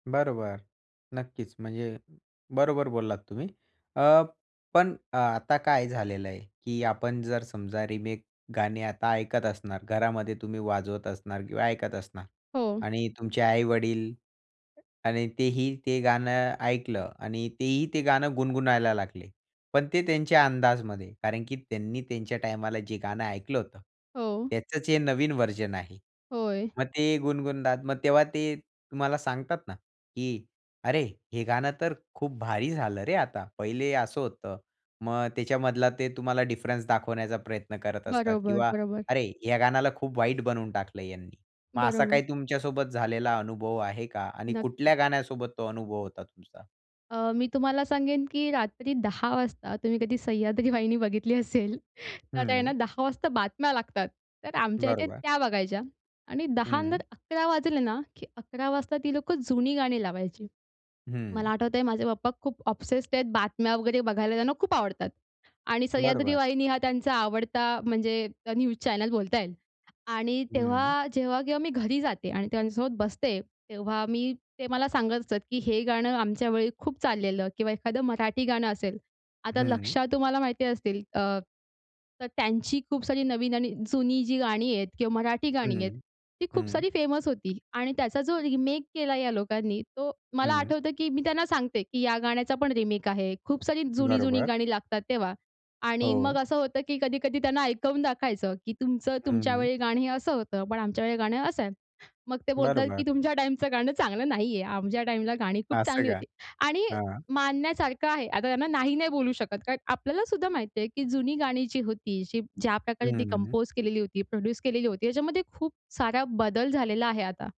बरोबर. नक्कीच. म्हणजे बरोबर बोललात तुम्ही. अ, पण अ, आता काय झालेलं आहे, की आपण जर समजा रिमेक गाणे आता ऐकत असणार घरामध्ये तुम्ही वाजवत असणार किंवा ऐकत असणार हो. आणि तुमचे आई-वडील आणि तेही ते गाणं ऐकलं आणि तेही ते गाणं गुणगुणायला लागले. पण ते त्यांच्या अंदाजमध्ये. कारण की त्यांनी त्यांच्या टाईमाला जे गाणं ऐकलं होतं, हो. त्याचंच हे नवीन व्हर्जन आहे. होय. मग ते गुणगुणतात. मग तेव्हा ते तुम्हाला सांगतात ना की "अरे! हे गाणं तर खूप भारी झालं रे आता." पहिले असं होतं. मग त्याच्यामधला ते तुम्हाला डिफरन्स दाखवण्याचा प्रयत्न करत असतात बरोबर, किंवा बरोबर. "अरे ह्या गाण्याला खूप वाईट बनवून टाकलं ह्यांनी." मग असा बरोबर. काही तुमच्यासोबत झालेला अनुभव आहे का? आणि कुठल्या नक्कीच. गाण्यासोबत तो अनुभव होता तुमचा? अ, मी तुम्हाला सांगेन की रात्री 10:00 वाजता तुम्ही कधी सह्याद्री वाहिनी बघितली असेल तर त्यांना हं. 10:00 वाजता बातम्या लागतात. तर आमच्या इथे बरोबर. त्या बघायच्या. आणि 10:00 नंतर हं. 11:00 वाजले ना की 11:00 वाजता ती लोकं जुनी गाणी लावायची. मला हं. आठवतंय माझे पप्पा खूप ऑब्सेस्ट आहेत बातम्या वगैरे बघायला त्यांना खूप आवडतात आणि सह्याद्री बरोबर. वाहिनी हा त्यांचा आवडता म्हणजे न्यूज चॅनल बोलता येईल आणि हं. तेव्हा जेव्हा केव्हा मी घरी जाते आणि त्यांच्यासोबत बसते तेव्हा मी ते मला सांगत असतात, की हे गाणं आमच्या वेळी खूप चाललेलं किंवा एखादं मराठी गाणं असेल. आता हं. लक्षा तुम्हाला माहिती असतील अ, तर त्यांची खूप सारी नवीन आणि जुनी जी गाणी आहेत किंवा मराठी गाणी आहेत हं, ती खूप हं. सारी फेमस होती आणि त्याचा जो रिमेक केला या लोकांनी तो मला हं. आठवतं की मी त्यांना सांगते की ह्या गाण्याचा पण रिमेक आहे. खूप सारी जुनी-जुनी बरोबर. गाणी लागतात तेव्हा आणि मग हो. असं होतं, की कधी-कधी त्यांना ऐकवून दाखवायचं, की तुमचं तुमच्या हं. वेळी गाणं असं होतं पण आमच्या वेळेला गाणं असं आहे. मग ते बोलतात, की बरोबर. "तुमच्या टाईमचं गाणं चांगलं नाहीये. आमच्या टाईमला गाणी खूप असं चांगली का? होती." आणि हां. मानण्यासारखं आहे. आता त्यांना नाही-नाही बोलू शकत कारण आपल्याला सुद्धा माहिती आहे, की जुनी गाणी जी होती जी ज्या प्रकारे ती हं. कंपोज केलेली होती, प्रोड्यूस केलेली होती याच्यामध्ये खूप सारा बदल झालेला आहे आता.